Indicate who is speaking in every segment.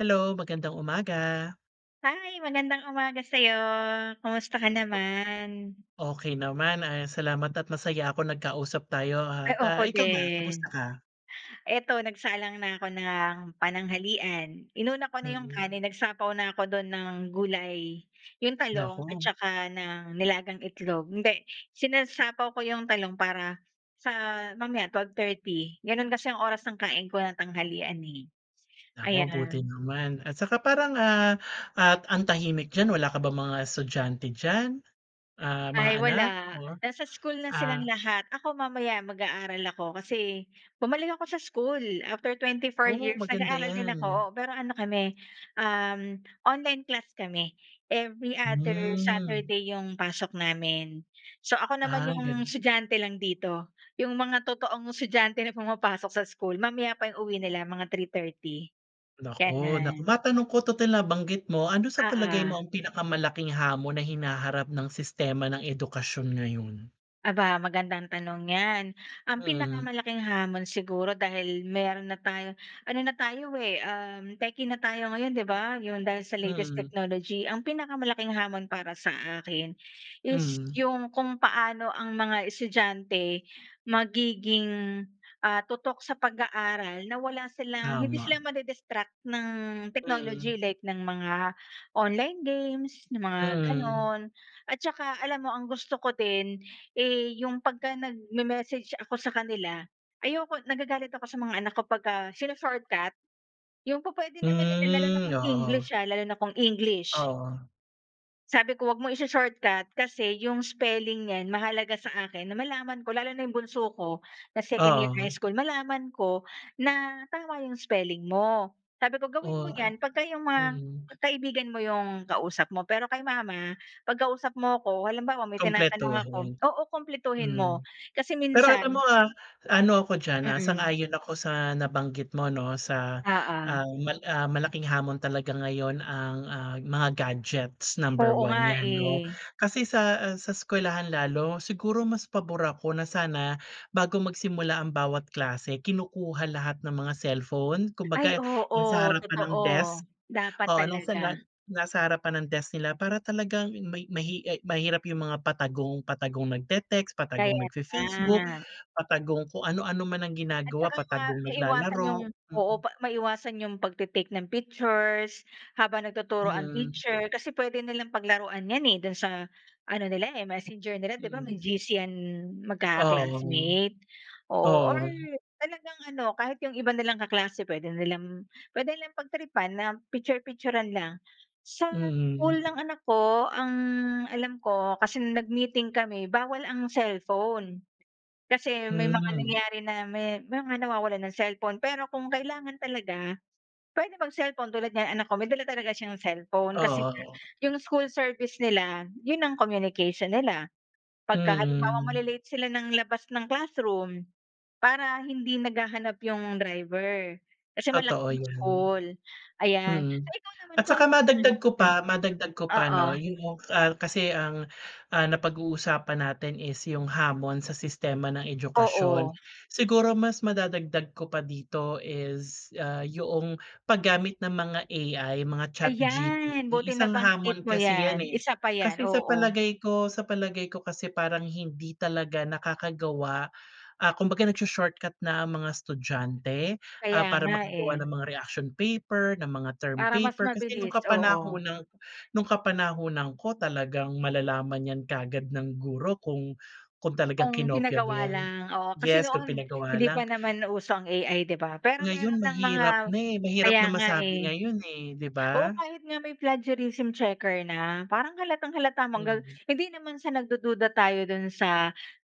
Speaker 1: Hello, magandang umaga!
Speaker 2: Hi! Magandang umaga sayo. Kumusta ka naman?
Speaker 1: Okey naman, ah, salamat at masaya ako nagkausap tayo at,
Speaker 2: Ay,
Speaker 1: ah,
Speaker 2: ako
Speaker 1: ikaw ba kamusta
Speaker 2: din.
Speaker 1: ka?
Speaker 2: Eto, nagsalang na ako ng pananghalian. Inuna ko na 'yong
Speaker 1: Mm.
Speaker 2: kanin, nagsapaw na ako do'n ng gulay. 'Yong talong at
Speaker 1: Naku.
Speaker 2: tsaka ng nilagang itlog. Hindi, sinasapaw ko 'yong talong para sa mamaya, 12:30. Gano'n kasi ang oras ng kain ko ng tanghalian, eh,
Speaker 1: Naku, buti
Speaker 2: ayan.
Speaker 1: naman. At saka parang, ah, at ang tahimik diyan. Wala ka bang mga estudyante diyan, ah, mga
Speaker 2: Ay, wala.
Speaker 1: anak? Oh,
Speaker 2: Nasa school na silang
Speaker 1: ah
Speaker 2: lahat. Ako mamaya, mag-aaral ako. Kasi bumalik ako sa school after 24
Speaker 1: Oh,
Speaker 2: years,
Speaker 1: maganda
Speaker 2: nag-aaral din ako,
Speaker 1: 'yan.
Speaker 2: oo. Pero ano kami, uhm, online class kami. Every other
Speaker 1: Hmm.
Speaker 2: Saturday 'yong pasok namin. So, ako naman
Speaker 1: Ah,
Speaker 2: 'yong
Speaker 1: ganu
Speaker 2: estudyante lang dito. 'Yong mga totoong estudyante na pumapasok sa school, mamaya pa 'yong uwi nila mga 3:30,
Speaker 1: Naku, naku!
Speaker 2: ganun.
Speaker 1: Matanong ko, total nabanggit mo, ano sa palagay mo
Speaker 2: Oo.
Speaker 1: ang pinakamalaking hamon na hinaharap ng sistema ng edukasyon ngayon?
Speaker 2: Aba! Magandang tanong 'yan. Ang
Speaker 1: Mm.
Speaker 2: pinakamalaking hamon siguro, dahil meron na tayong ano na tayo, eh, uhm, techie na tayo ngayon, di ba, yung dahil sa latest
Speaker 1: Mm.
Speaker 2: technology. Ang pinakamalaking hamon para sa akin is
Speaker 1: Mm.
Speaker 2: yung kung paano ang mga estudyante magiging, ah, tutok sa pag-aaral na wala silang hindi sila
Speaker 1: Tama.
Speaker 2: madi-distract ng
Speaker 1: Mm.
Speaker 2: technology like ng mga online games, ng mga
Speaker 1: Mm.
Speaker 2: gano'n. At tsaka alam mo, ang gusto ko din, eh, yung pagka nagme-message ako sa kanila, ayoko nagagalit ako sa mga anak ko pagka shino-shortcut. Yung pu-pwede naman nila lalo na
Speaker 1: Hmm,
Speaker 2: kung
Speaker 1: oo.
Speaker 2: English ha, lalo na kung English.
Speaker 1: Oo.
Speaker 2: Sabi ko, "Wag mong isho-shortcut kasi 'yong spelling niyan mahalaga sa akin na malaman ko." Lalo na 'yong bunso ko na second year
Speaker 1: Oo.
Speaker 2: high school. "Malaman ko na tama 'yong spelling mo." Sabi ko, "Gawin mo
Speaker 1: Ora
Speaker 2: 'yan pagka 'yong mga
Speaker 1: mm.
Speaker 2: kaibigan mo 'yong kausap mo, pero kay mama, 'pag kausap mo ako, halimbawa, may tinatanong ako
Speaker 1: Kumpletuhin,
Speaker 2: oo, kumpletuhin mo."
Speaker 1: hmm.
Speaker 2: Kasi
Speaker 1: Pero alam mo,
Speaker 2: minsan
Speaker 1: ah, ano ako diyan, ah,
Speaker 2: Mm.
Speaker 1: sang-ayon ako sa nabanggit mo, 'no, sa,
Speaker 2: Oo.
Speaker 1: ah, mal ah, malaking hamon talaga ngayon ang, ah, mga gadgets. Number
Speaker 2: Oo
Speaker 1: 1
Speaker 2: nga,
Speaker 1: yan, 'no?
Speaker 2: eh.
Speaker 1: Kasi sa, eh, sa eskwelahan lalo siguro, mas pabor ako na sana bago magsimula ang bawat klase, kinukuha lahat ng mga cellphone.
Speaker 2: Ay,
Speaker 1: Kumbaga, yung sa
Speaker 2: oo,
Speaker 1: harapan ng
Speaker 2: totoo.
Speaker 1: desk,
Speaker 2: Dapat
Speaker 1: oo. Nung sanlan
Speaker 2: talaga.
Speaker 1: nasa harapan ng desk nila para talagang may mahi ay mahirap yung mga patagong patagong nagte-text, patagong
Speaker 2: Kaya
Speaker 1: nagfe-Facebook,
Speaker 2: nga.
Speaker 1: patagong kung ano-ano man ang
Speaker 2: At
Speaker 1: ginagawa,
Speaker 2: tsaka nga
Speaker 1: patagong
Speaker 2: maiwasan 'yong
Speaker 1: naglalaro,
Speaker 2: oo,
Speaker 1: hmm.
Speaker 2: pa maiwasan 'yong pagte-take ng pictures habang nagtuturo ang
Speaker 1: Mhm.
Speaker 2: teacher. Kasi puwede nilang paglaruan 'yan, eh, do'n sa ano nila, eh, Messenger nila, 'di ba, may
Speaker 1: Hmm.
Speaker 2: GC 'yan
Speaker 1: Oo, wo.
Speaker 2: magkaka-classmate. Oo, or
Speaker 1: Oo.
Speaker 2: talagang ano, kahit 'yong iba nilang kaklase puwede nilang puwede nilang pagtripan na piktyur-piktyuran lang. Sa school
Speaker 1: Mm.
Speaker 2: ng anak ko, ang alam ko, kasi nag-meeting kami, bawal ang cellphone. Kasi may mga
Speaker 1: Mhm.
Speaker 2: nangyayari na may mga nawawalan ng cellphone. Pero kung kailangan talaga, puwede mag-cellphone. Tulad niyan anak ko, may dala talaga siyang cellphone kasi
Speaker 1: Oo,
Speaker 2: nga
Speaker 1: oh.
Speaker 2: 'yong school service nila 'yon ang communication nila. Pagka halimbawa
Speaker 1: Mm.
Speaker 2: mali-late sila ng labas ng classroom para hindi naghahanap 'yong driver. Kasi
Speaker 1: Totoo
Speaker 2: malaking
Speaker 1: 'yan.
Speaker 2: school, ayan. So,
Speaker 1: Mm.
Speaker 2: ikaw naman
Speaker 1: At tsaka
Speaker 2: kumusta naman
Speaker 1: madagdag ko
Speaker 2: mm.
Speaker 1: pa madagdag ko pa,
Speaker 2: Oo.
Speaker 1: 'no? Yung, ah, kasi ang, ah, napag-uusapan natin is yung hamon sa sistema ng edukasyon.
Speaker 2: Oo.
Speaker 1: Siguro, mas madadagdag ko pa dito is, ah, 'yong paggamit ng mga AI, mga
Speaker 2: Ayan.
Speaker 1: chatGPT.
Speaker 2: Buti
Speaker 1: Isang
Speaker 2: nabanggit
Speaker 1: hamon
Speaker 2: mo
Speaker 1: kasi yan,
Speaker 2: 'yan.
Speaker 1: eh.
Speaker 2: Isa pa 'yan,
Speaker 1: Kasi sa
Speaker 2: oo.
Speaker 1: palagay ko sa palagay ko kasi parang hindi talaga nakakagawa, ah kumbaga, nag-sho-shortcut na mga estudyante, ah,
Speaker 2: Kaya
Speaker 1: para
Speaker 2: nga,
Speaker 1: makagawa
Speaker 2: eh.
Speaker 1: ng mga reaction paper, ng mga term
Speaker 2: Para mas
Speaker 1: paper. Kasi nung
Speaker 2: mabilis, oo.
Speaker 1: kapanahunan nung kapanahunan ko, talagang malalaman 'yan kaagad ng guro kung kung talagang
Speaker 2: Kung
Speaker 1: kinopya mo
Speaker 2: pinagawa
Speaker 1: 'yan.
Speaker 2: lang, oo. Kasi
Speaker 1: Yes, kung
Speaker 2: noon,
Speaker 1: pinagawa
Speaker 2: hindi pa
Speaker 1: lang
Speaker 2: naman uso ang AI, di ba, pero meron
Speaker 1: Ngayon
Speaker 2: ng mga
Speaker 1: mahirap na, eh. Mahirap
Speaker 2: kaya
Speaker 1: na
Speaker 2: nga,
Speaker 1: masabi
Speaker 2: eh.
Speaker 1: ngayon, eh, 'di
Speaker 2: Oo,
Speaker 1: ba?
Speaker 2: kahit nga may plagiarism checker na, parang halatang-halata mong ang gal
Speaker 1: Mhm.
Speaker 2: hindi naman sa nagdududa tayo dun sa,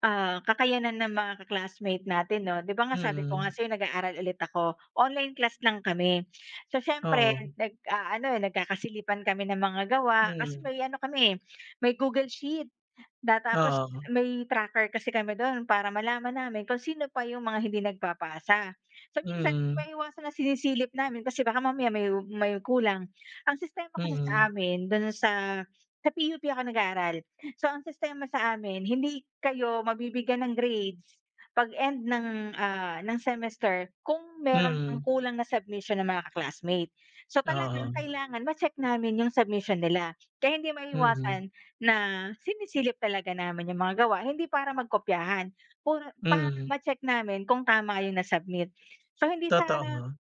Speaker 2: ah, kakayanan ng mga ka-classmate natin, 'no? 'Di ba nga sabi ko nga
Speaker 1: Mm.
Speaker 2: sa'yo nag-aaral ulit ako. Online class lang kami. So, siyempre
Speaker 1: Oo.
Speaker 2: nag-aano, nagkakasilipan kami ng mga gawa kasi
Speaker 1: Hmm.
Speaker 2: may ano kami, eh, may Google Sheet na tapos
Speaker 1: Oo.
Speaker 2: may tracker kasi kami do'n para malaman namin kung sino pa 'yong mga hindi nagpapasa. So, minsan hindi
Speaker 1: Mm.
Speaker 2: maiwasan na sinisilip namin kasi baka mamaya may may kulang. Ang sistema kasi sa
Speaker 1: Mm.
Speaker 2: amin, do'n sa sa PUP ako nag-aaral. So, ang sistema sa amin, hindi kayo mabibigyan ng grades pag-end ng, ah, ng semester kung meron pang
Speaker 1: Mm.
Speaker 2: kulang na submission ng mga ka-classmate. So, talagang
Speaker 1: Oo.
Speaker 2: kailangan ma-check namin 'yong submission nila. Kaya hindi
Speaker 1: Mm.
Speaker 2: maiiwasan na sinisilip talaga namin 'yong mga gawa hindi para magkopyahan. Puro para
Speaker 1: Mm.
Speaker 2: ma-check namin kung tama 'yong nasubmit. So, hindi sa
Speaker 1: Totoo.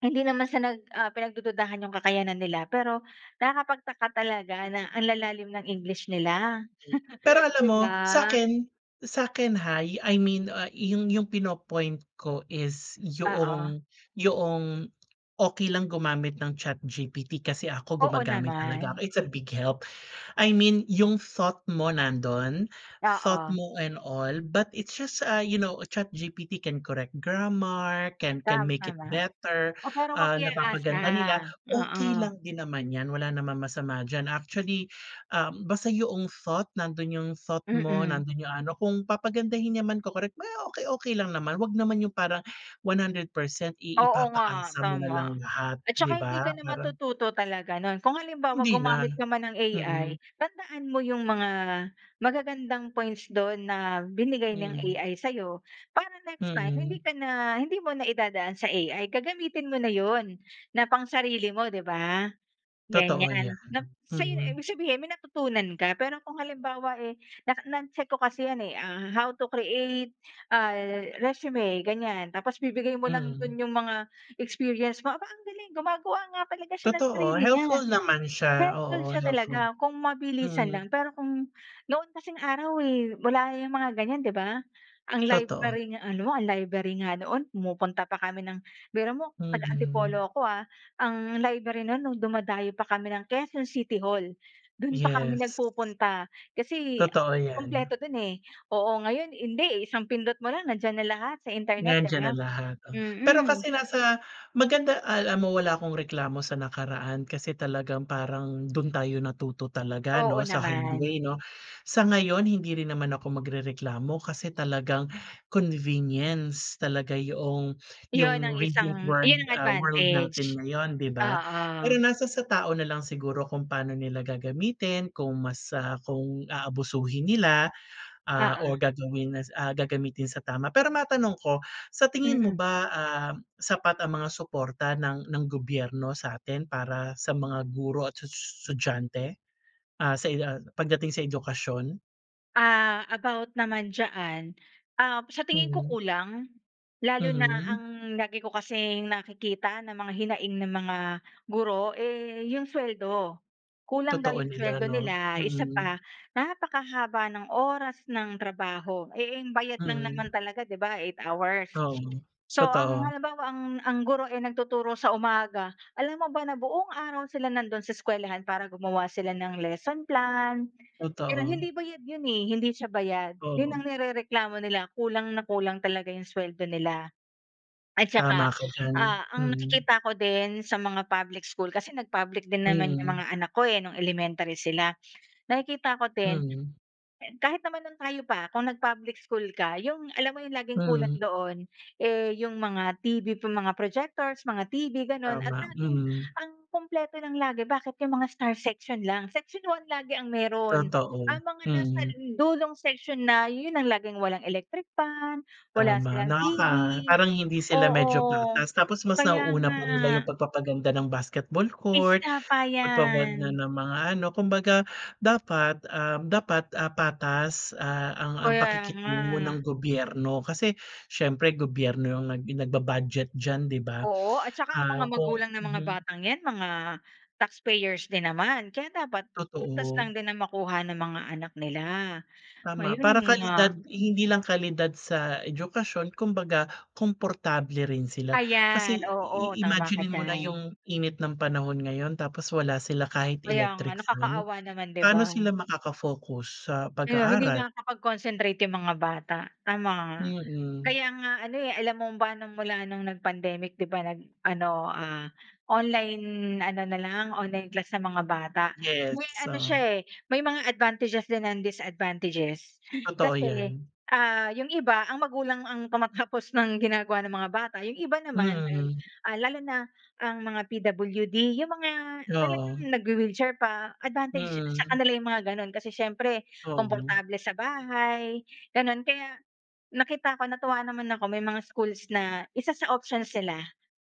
Speaker 2: hindi naman sa nag, ah, pinagdududahan yung kakayanan nila, pero nakakapagtaka talaga na ang lalalim ng English nila,
Speaker 1: Pero alam
Speaker 2: 'di
Speaker 1: mo,
Speaker 2: ba?
Speaker 1: sa'kin sa'kin hay, I mean, ah yung yung pino-point ko is
Speaker 2: Oo.
Speaker 1: 'yong 'yong okey lang gumamit ng ChatGPT. Kasi ako
Speaker 2: Oo
Speaker 1: gumagamit talaga ako,
Speaker 2: naman.
Speaker 1: it's a big help. I mean, yung thought mo, nando'n. Thought
Speaker 2: Oo.
Speaker 1: mo and all but it's just, ah, you know, ChatGPT can correct grammar, can can
Speaker 2: Tam
Speaker 1: make it
Speaker 2: tama.
Speaker 1: better,
Speaker 2: Oh, pero wag
Speaker 1: ah,
Speaker 2: i-aasa,
Speaker 1: napapaganda nila, okey
Speaker 2: oo.
Speaker 1: lang din naman 'yan. Wala naman masama diyan. Actually, uhm, basta 'yong thought, nandun yung thought mo,
Speaker 2: Mm.
Speaker 1: nandun yung ano, kung papagandahin niya man, ko-correct, may okey okey lang naman. 'Wag naman yung parang 100% i
Speaker 2: Oo nga,
Speaker 1: ipapaasa mo na lang
Speaker 2: tama.
Speaker 1: lahat,
Speaker 2: At
Speaker 1: di
Speaker 2: tsaka hindi
Speaker 1: ba,
Speaker 2: ka na
Speaker 1: parang
Speaker 2: matututo talaga no'n. Kung halimbawa,
Speaker 1: Hindi na.
Speaker 2: gumamit ka man ng
Speaker 1: Mm.
Speaker 2: AI, tandaan mo 'yong mga magagandang points don na binigay ng
Speaker 1: Mm.
Speaker 2: AI sa'yo para next time, hindi
Speaker 1: Mm.
Speaker 2: ka na hindi mo na idadaan sa AI. Gagamitin mo na 'yon na pang-sarili mo, 'di ba?
Speaker 1: Totoo yan,
Speaker 2: Ganyan. Nap sa'yo
Speaker 1: mm.
Speaker 2: ibig sabihin, may natutunan ka. Pero kung halimbawa, eh, nak na-check ko kasi yan, eh. Ah how to create, ay, resume, ganyan. Tapos bibigay mo lang
Speaker 1: Mm.
Speaker 2: dun yung mga experience mo. Aba, ang galing! Gumagawa nga talaga siya ng
Speaker 1: Totoo,
Speaker 2: sarili niya.
Speaker 1: helpful naman siya.
Speaker 2: Helpful
Speaker 1: Oo,
Speaker 2: siya
Speaker 1: helpful.
Speaker 2: talaga. Kung mabilisan
Speaker 1: Mm.
Speaker 2: lang. Pero kung noon kasing araw, eh, wala yang mga ganyan, 'di ba? Ang
Speaker 1: Totoo.
Speaker 2: library nga ano ang library nga noon pumupunta pa kami ng biro mo, taga
Speaker 1: Mhm.
Speaker 2: Antipolo ako, ah. Ang library no'n, no'ng dumadayo pa kami ng Quezon City Hall. Do'n pa kami
Speaker 1: Yes.
Speaker 2: nagpupunta. Kasi
Speaker 1: Totoo 'yan.
Speaker 2: kumpleto do'n, eh, oo. Ngayon, hindi, eh, isang pindot mo lang nandiyan na lahat sa internet, 'di
Speaker 1: Nandiyan
Speaker 2: ba,
Speaker 1: na lahat o pero
Speaker 2: mm.
Speaker 1: kasi nasa maganda alam mo, wala akong reklamo sa nakaraan kasi talagang parang dun tayo natuto talaga,
Speaker 2: Oo
Speaker 1: 'no, sa hard way,
Speaker 2: naman.
Speaker 1: 'no? Sa ngayon, hindi rin naman ako magrereklamo kasi talagang convenience talaga 'yong
Speaker 2: Yun
Speaker 1: yung
Speaker 2: ang
Speaker 1: recent
Speaker 2: isang
Speaker 1: word,
Speaker 2: yun ang
Speaker 1: ah, world natin
Speaker 2: advantage,
Speaker 1: ngayon, di ba?
Speaker 2: oo.
Speaker 1: Pero nasa sa tao na lang siguro kung paano nila gagamitin, kung mas, ah, kung aabusuhin nila, ah,
Speaker 2: Oo.
Speaker 1: or gagawin nas ah, gagamitin sa tama. Pero matanong ko, sa tingin mo
Speaker 2: Mm.
Speaker 1: ba, ah, sapat ang mga suporta ng ng gobyerno sa'tin para sa mga guro at tsush estudyante, ah, sa i ah, pagdating sa edukasyon?
Speaker 2: Ah, about naman diyan. Ah, sa tingin ko
Speaker 1: Mhm.
Speaker 2: kulang, lalo na
Speaker 1: Mhm.
Speaker 2: ang lagi ko kasing nakikita na mga hinaing ng mga guro, eh, 'yong suweldo. Kulang daw
Speaker 1: Totoo
Speaker 2: 'yong
Speaker 1: nila,
Speaker 2: suweldo
Speaker 1: 'no?
Speaker 2: nila isa
Speaker 1: Mm.
Speaker 2: pa, napakahaba ng oras ng trabaho, eh, ang bayad lang naman
Speaker 1: Mm.
Speaker 2: talaga, 'di ba, 8 hours.
Speaker 1: Oo,
Speaker 2: So, ang
Speaker 1: totoo.
Speaker 2: halimbawa, ang ang guro ay nagtuturo sa umaga, alam mo ba na buong araw sila nandun sa eskuwelahan para gumawa sila ng lesson plan. Pero
Speaker 1: Totoo.
Speaker 2: hindi bayad yun, eh. Hindi siya bayad. Yun
Speaker 1: Oo.
Speaker 2: ang nirereklamo nila. Kulang na kulang talaga yung sweldo nila. At
Speaker 1: Tama
Speaker 2: tsaka,
Speaker 1: ka diyan,
Speaker 2: ah, ang
Speaker 1: mm.
Speaker 2: nakikita ko din sa mga public school kasi nag public din naman yung
Speaker 1: Mm.
Speaker 2: mga anak ko, eh, nung elementary sila. Nakikita ko din, k
Speaker 1: Mm.
Speaker 2: kahit naman noon tayo pa kung nag-public school ka. 'Yong alam mo 'yong laging kulang
Speaker 1: Mm.
Speaker 2: doon, eh, 'yong mga TV, mga projectors, mga TV, gano'n. At
Speaker 1: Tama,
Speaker 2: laging
Speaker 1: mm.
Speaker 2: ang kumpleto lang lagi bakit 'yong mga star section lang. Section 1 lagi ang meron. Ang
Speaker 1: Totoo,
Speaker 2: mga nasa
Speaker 1: mm.
Speaker 2: dulong section na, 'yon ang laging walang electric fan, wala
Speaker 1: Tama,
Speaker 2: silang TV.
Speaker 1: nakaka parang hindi sila medyo
Speaker 2: Oo,
Speaker 1: patas. Tapos mas
Speaker 2: kaya
Speaker 1: nauuna
Speaker 2: nga.
Speaker 1: pa nila 'yong pagpapaganda ng basketball court,
Speaker 2: Isa pa
Speaker 1: pagpapaganda
Speaker 2: yan.
Speaker 1: ng mga ano. Kumbaga, dapat, uhm, dapat, ah, patas, ah, ang ang
Speaker 2: Kaya nga.
Speaker 1: pakikitungo ng gobyerno. Kasi siyempre, gobyerno ang nag nagba-budget diyan, 'di ba?
Speaker 2: Oo at tsaka ang mga
Speaker 1: Ah, kung
Speaker 2: magulang ng mga
Speaker 1: mhm.
Speaker 2: batang 'yan mga taxpayers din naman. Kaya dapat patas
Speaker 1: Totoo.
Speaker 2: lang din ang makuha ng mga anak nila.
Speaker 1: Tama.
Speaker 2: Ayun
Speaker 1: Para kalidad.
Speaker 2: nga.
Speaker 1: Hindi lang kalidad sa edukasyon kumbaga, komportable rin sila. Kasi
Speaker 2: Ayan, oo.
Speaker 1: i
Speaker 2: Tama ka
Speaker 1: imaginin mo na
Speaker 2: diyan.
Speaker 1: yung init ng panahon ngayon tapos wala sila kahit
Speaker 2: Kaya nga.
Speaker 1: electric fan?
Speaker 2: Nakakaawa naman, 'di
Speaker 1: Pano
Speaker 2: ba?
Speaker 1: sila makaka-focus sa
Speaker 2: Kaya hindi
Speaker 1: pag-aaral?
Speaker 2: makakapag-concentrate yung mga bata, tama nga.
Speaker 1: Mm.
Speaker 2: Kaya nga ano, eh, alam mo ba, nung mula nung nagpandemic, 'di ba, nag ano, ah, online ano na lang, online class na mga bata.
Speaker 1: Yes,
Speaker 2: May ano siya,
Speaker 1: so
Speaker 2: eh, may mga advantages din and disadvantages.
Speaker 1: Totoo
Speaker 2: Kasi,
Speaker 1: 'yan.
Speaker 2: ah, yung iba, ang magulang ang tumatapos ng ginagawa ng mga bata. Yung iba naman, dahil,
Speaker 1: Mm.
Speaker 2: ah, lalo na, ang mga PWD, yung mga talagang
Speaker 1: Oo.
Speaker 2: nagwe-wheelchair pa. Advantage sa
Speaker 1: Mm.
Speaker 2: kanila yung mga ganun kasi siyempre,
Speaker 1: Oo.
Speaker 2: komportable sa bahay, ganun. Kaya nakita ko, natuwa naman ako, may mga schools na isa sa options nila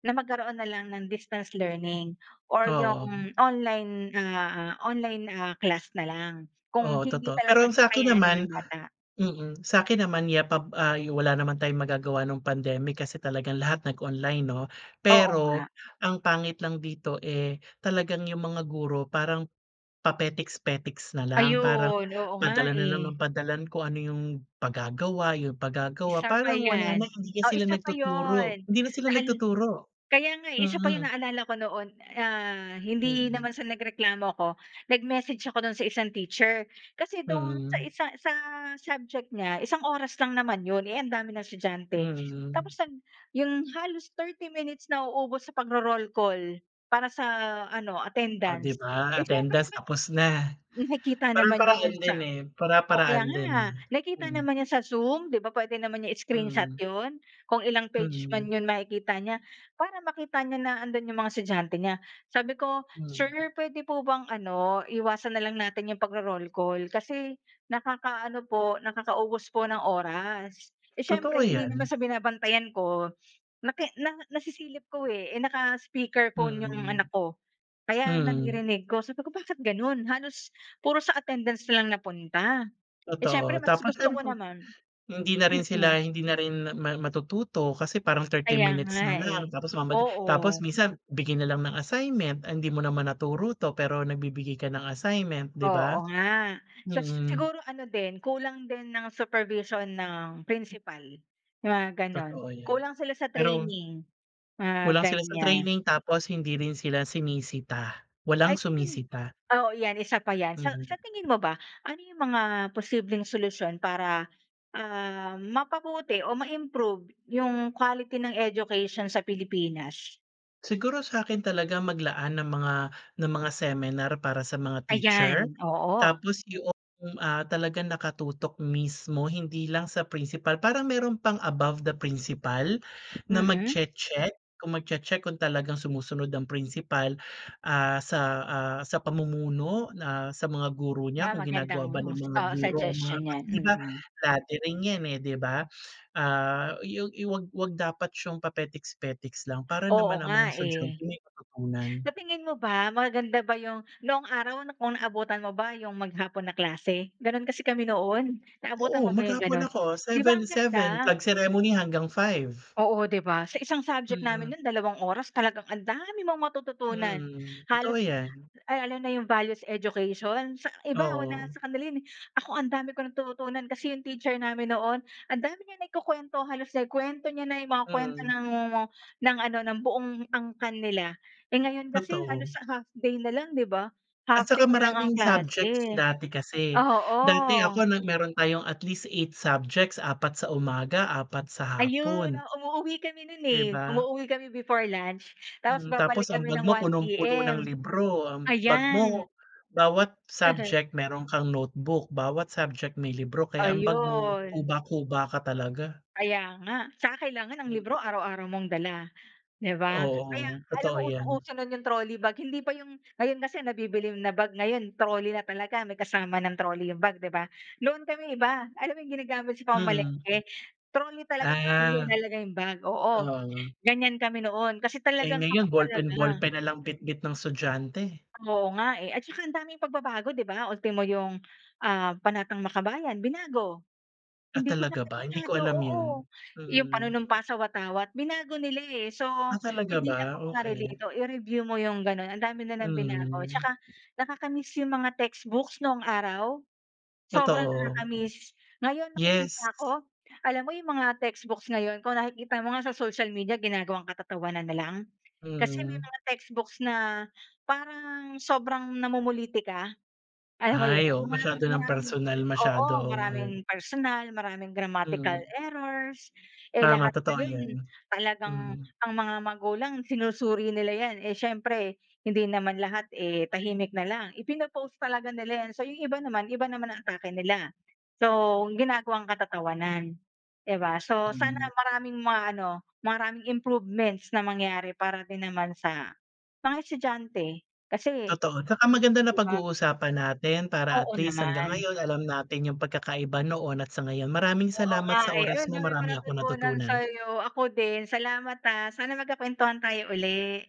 Speaker 2: na magkaroon na lang ng distance learning or
Speaker 1: Oo.
Speaker 2: yung online, ah, online, ah, class na lang kung
Speaker 1: Oo,
Speaker 2: hindi
Speaker 1: totoo. Pero
Speaker 2: talaga
Speaker 1: ang sa'kin
Speaker 2: kakayanin
Speaker 1: naman
Speaker 2: ng bata.
Speaker 1: mm, sa'kin naman, yeah, pa, ah, wala naman tayong magagawa nung pandemic kasi talagang lahat nag-online, 'no?
Speaker 2: Oo
Speaker 1: Pero
Speaker 2: nga.
Speaker 1: ang pangit lang dito, eh, talagang 'yong mga guro parang papetiks-petiks na lang. Parang
Speaker 2: Ayun. Oo nga,
Speaker 1: padala na lang ng
Speaker 2: eh.
Speaker 1: padala ng kung ano 'yong pagagawa 'yong pagagawa.
Speaker 2: Isa pa
Speaker 1: Parang wala na,
Speaker 2: 'yan
Speaker 1: hindi na
Speaker 2: o
Speaker 1: sila
Speaker 2: isa pa
Speaker 1: nagtuturo.
Speaker 2: 'yon.
Speaker 1: Hindi na sila
Speaker 2: Naan
Speaker 1: nagtuturo,
Speaker 2: kaya nga, eh, isa pa 'yon.
Speaker 1: mm.
Speaker 2: Naalala ko noon, ah, hindi
Speaker 1: Mm.
Speaker 2: naman sa nagreklamo ako. Nag-message ako do'n sa isang teacher. Kasi do'n sa
Speaker 1: Mm.
Speaker 2: isa sa sa subject niya, isang oras lang naman 'yon, eh, ang dami ng estudyante. Tapos
Speaker 1: Mm.
Speaker 2: nag 'yong halos 30 minutes nauubos sa pagro-roll call para sa ano,
Speaker 1: Oh, 'di
Speaker 2: attendance.
Speaker 1: ba,
Speaker 2: Eh, siyempre
Speaker 1: attendance
Speaker 2: naman,
Speaker 1: tapos na.
Speaker 2: nakita naman niya
Speaker 1: Para-paraan
Speaker 2: 'yon sa
Speaker 1: din, eh.
Speaker 2: oh, kaya
Speaker 1: Para-paraan din, eh.
Speaker 2: nga. Nakita
Speaker 1: Mm.
Speaker 2: naman niya sa Zoom, 'di ba, puwede naman niya i-screenshot
Speaker 1: Mm.
Speaker 2: 'yon. Kung ilang page man
Speaker 1: Mm.
Speaker 2: 'yon, makikita niya. Para makita niya na 'andon 'yong mga estudyante niya. Sabi ko, "Sir,
Speaker 1: Hmm.
Speaker 2: puwede po bang ano, iwasan na lang natin 'yong pagro-roll call kasi nakakaano po, nakakaubos po ng oras." Eh,
Speaker 1: Totoo
Speaker 2: siyempre hindi
Speaker 1: 'yan.
Speaker 2: naman sa binabantayan ko, naki na nasisilip ko, eh. Eh, naka-speaker phone 'yong anak
Speaker 1: Mm.
Speaker 2: ko kaya
Speaker 1: Hmm.
Speaker 2: naririnig ko. Sabi ko, "Bakit gano'n? Halos puro sa attendance na lang napunta." Eh, siyempre
Speaker 1: Totoo.
Speaker 2: mas
Speaker 1: Tapos
Speaker 2: gusto ko
Speaker 1: siyempre,
Speaker 2: naman
Speaker 1: hindi na rin sila
Speaker 2: mm.
Speaker 1: hindi na rin mat matututo kasi parang 30
Speaker 2: Kaya
Speaker 1: minutes
Speaker 2: nga,
Speaker 1: na lang
Speaker 2: eh,
Speaker 1: tapos mamadali tapos
Speaker 2: oo.
Speaker 1: minsan bigay na lang ng assignment. Ah, hindi mo naman naturo 'to, pero nagbibigay ka ng assignment, 'di ba?
Speaker 2: Oo nga. Sa
Speaker 1: Mm.
Speaker 2: siguro ano din, kulang din ng supervision ng principal, 'yong mga gano'n.
Speaker 1: Totoo 'yan,
Speaker 2: Kulang sila sa
Speaker 1: pero
Speaker 2: training, mga
Speaker 1: Kulang sila sa
Speaker 2: ganyan.
Speaker 1: training tapos hindi rin sila sinisita.
Speaker 2: Ay
Speaker 1: Walang
Speaker 2: [unintelligible]
Speaker 1: sumisita.
Speaker 2: oo yan, isa pa yan. Sa sa
Speaker 1: Mhm.
Speaker 2: tingin mo ba, ano yung mga posibleng solusyon para, ah, mapabuti o ma-improve yung quality ng education sa Pilipinas?
Speaker 1: Siguro sa'kin talaga maglaan ng mga ng mga seminar para sa mga teacher.
Speaker 2: Ayan, oo.
Speaker 1: Tapos 'yong, ah, talagang nakatutok mismo hindi lang sa principal. Parang meron pang above the principal na
Speaker 2: Mm.
Speaker 1: magche-check. Kung magche-check kung talagang sumusunod ang principal, ah, sa, ah, sa pamumuno na sa mga guro niya.
Speaker 2: 'Ba
Speaker 1: Kung ginagawa ba
Speaker 2: magandang,
Speaker 1: ng mga
Speaker 2: ah,
Speaker 1: guro ang mga
Speaker 2: suggestion
Speaker 1: kasi,
Speaker 2: 'yan,
Speaker 1: 'di ba,
Speaker 2: mm.
Speaker 1: dati rin 'yan, eh, 'di ba? Ah, i yog i 'wag 'wag dapat siyang papetiks-petiks lang para
Speaker 2: Oo
Speaker 1: naman ang mga
Speaker 2: nga, eh.
Speaker 1: estudyante may matutunan.
Speaker 2: Sa tingin mo ba, maganda ba yung noong araw, kung naabutan mo ba yung maghapon na klase? Ganun kasi kami noon. Naabutan
Speaker 1: Oo,
Speaker 2: mo ba yung
Speaker 1: maghapon
Speaker 2: ganun?
Speaker 1: ako,
Speaker 2: Di ba
Speaker 1: seven
Speaker 2: ang ganda?
Speaker 1: seven. Flag ceremony hanggang 5.
Speaker 2: Oo, 'di ba? Sa isang subject
Speaker 1: Mm.
Speaker 2: namin noon, dalawang oras. Talagang ang dami mong matututunan.
Speaker 1: Mm, totoo
Speaker 2: Halos,
Speaker 1: 'yan.
Speaker 2: ah, lalo na 'yong values education. Sa iba, wala
Speaker 1: Oo.
Speaker 2: sa kanila yun, eh. Ako ang dami ko natutunan kasi 'yong teacher namin noon, ang dami niya naikukuwento. Halos naikuwento niya na 'yong mga kuwento
Speaker 1: Mm.
Speaker 2: ng wowo ng ano, ng buong angkan nila. Eh, ngayon kasi
Speaker 1: Totoo.
Speaker 2: halos sa half day na lang, 'di ba?
Speaker 1: At
Speaker 2: Half
Speaker 1: tsaka
Speaker 2: day na lang ang
Speaker 1: maraming
Speaker 2: klase,
Speaker 1: subjects dati kasi.
Speaker 2: oo.
Speaker 1: Dati ako, na meron tayong at least 8 subjects, 4 sa umaga 4 sa
Speaker 2: Ayun,
Speaker 1: hapon
Speaker 2: o. Umuuwi kami no'n,
Speaker 1: di
Speaker 2: eh.
Speaker 1: ba?
Speaker 2: Umuuwi kami before lunch tapos
Speaker 1: Mm,
Speaker 2: babalik
Speaker 1: tapos ang
Speaker 2: kami
Speaker 1: bag
Speaker 2: ng
Speaker 1: mo,
Speaker 2: one
Speaker 1: punong-puno ng
Speaker 2: P-M,
Speaker 1: libro. Ang bag
Speaker 2: ayan.
Speaker 1: mo, bawat subject meron kang notebook. Bawat subject, may libro. Kaya ang bag mo,
Speaker 2: Ayun.
Speaker 1: kuba-kuba ka talaga.
Speaker 2: Kaya nga. Tsaka kailangan ang
Speaker 1: Mm.
Speaker 2: libro araw-araw mong dala, 'di ba? Kaya
Speaker 1: Oo,
Speaker 2: alam
Speaker 1: totoo
Speaker 2: mo,
Speaker 1: 'yan.
Speaker 2: usong-uso no'n 'yong trolley bag. Hindi pa 'yong ngayon kasi nabibili na bag ngayon trolley na talaga, may kasama ng trolley 'yong bag, 'di ba? Noon kami iba. Alam mo 'yong ginagamit sa
Speaker 1: Mm.
Speaker 2: pamamalengke? Trolley talaga tas
Speaker 1: Ah,
Speaker 2: inalalagay 'yong bag, oo.
Speaker 1: oo.
Speaker 2: Ganyan kami noon kasi
Speaker 1: Eh,
Speaker 2: talagang tutok
Speaker 1: ngayon ballpen
Speaker 2: talaga.
Speaker 1: ballpen na lang bitbit ng estudyante.
Speaker 2: Oo nga, eh. At tsaka ang daming pagbabago, 'di ba? Ultimo 'yong, ah, Panatang Makabayan, binago.
Speaker 1: Ah,
Speaker 2: Hindi ko na
Speaker 1: talaga ba? Hindi ko
Speaker 2: kabisado,
Speaker 1: alam yun,
Speaker 2: oo. 'Yong
Speaker 1: mm.
Speaker 2: Panunumpa sa Watawat, binago nila, eh. So,
Speaker 1: Ah, talaga
Speaker 2: hindi
Speaker 1: ba?
Speaker 2: ako makarelate.
Speaker 1: Okey.
Speaker 2: Oh, i-review mo 'yong gano'n, ang dami nilang binago.
Speaker 1: Mm.
Speaker 2: Tsaka nakaka-miss 'yong mga textbooks noong araw, sobrang
Speaker 1: Totoo.
Speaker 2: nakakamiss. Ngayon
Speaker 1: Yes.
Speaker 2: nakikita ko, alam mo yung mga textbooks ngayon, kung nakikita mo nga sa social media ginagawang katatawanan na lang. Kasi may
Speaker 1: Mm.
Speaker 2: mga textbooks na parang sobrang namumulitika, alam mo 'yon?
Speaker 1: Ay, oo.
Speaker 2: Yung
Speaker 1: Masyado
Speaker 2: maraming
Speaker 1: ng
Speaker 2: maraming
Speaker 1: personal
Speaker 2: oo.
Speaker 1: masyado,
Speaker 2: Maraming
Speaker 1: oo.
Speaker 2: personal, maraming grammatical
Speaker 1: Mm.
Speaker 2: errors. Eh,
Speaker 1: Tama,
Speaker 2: lahat
Speaker 1: totoo
Speaker 2: ngayon
Speaker 1: yun.
Speaker 2: talagang
Speaker 1: Mm.
Speaker 2: ang mga magulang sinusuri nila 'yan. Eh, siyempre hindi naman lahat, eh, tahimik na lang. Ipino-post talaga nila 'yan. So, 'yong iba naman, iba naman ang atake nila. So, ginagawang katatawanan, di ba? So, sana
Speaker 1: Hmm.
Speaker 2: maraming mga ano, maraming improvements na mangyari para din naman sa mga estudyante. Kasi,
Speaker 1: Totoo. Saka maganda
Speaker 2: 'di ba
Speaker 1: napag-uusapan natin para
Speaker 2: Oo
Speaker 1: at least hanggang
Speaker 2: naman.
Speaker 1: ngayon alam natin yung pagkakaiba noon at sa ngayon. Maraming
Speaker 2: Oo
Speaker 1: salamat
Speaker 2: nga,
Speaker 1: sa
Speaker 2: eh.
Speaker 1: oras
Speaker 2: Ayun, ang
Speaker 1: mo,
Speaker 2: dami kong
Speaker 1: marami akong
Speaker 2: natutunan
Speaker 1: natutunan.
Speaker 2: sa'yo. Ako din. Salamat ah. Sana magkakwentuhan tayo uli.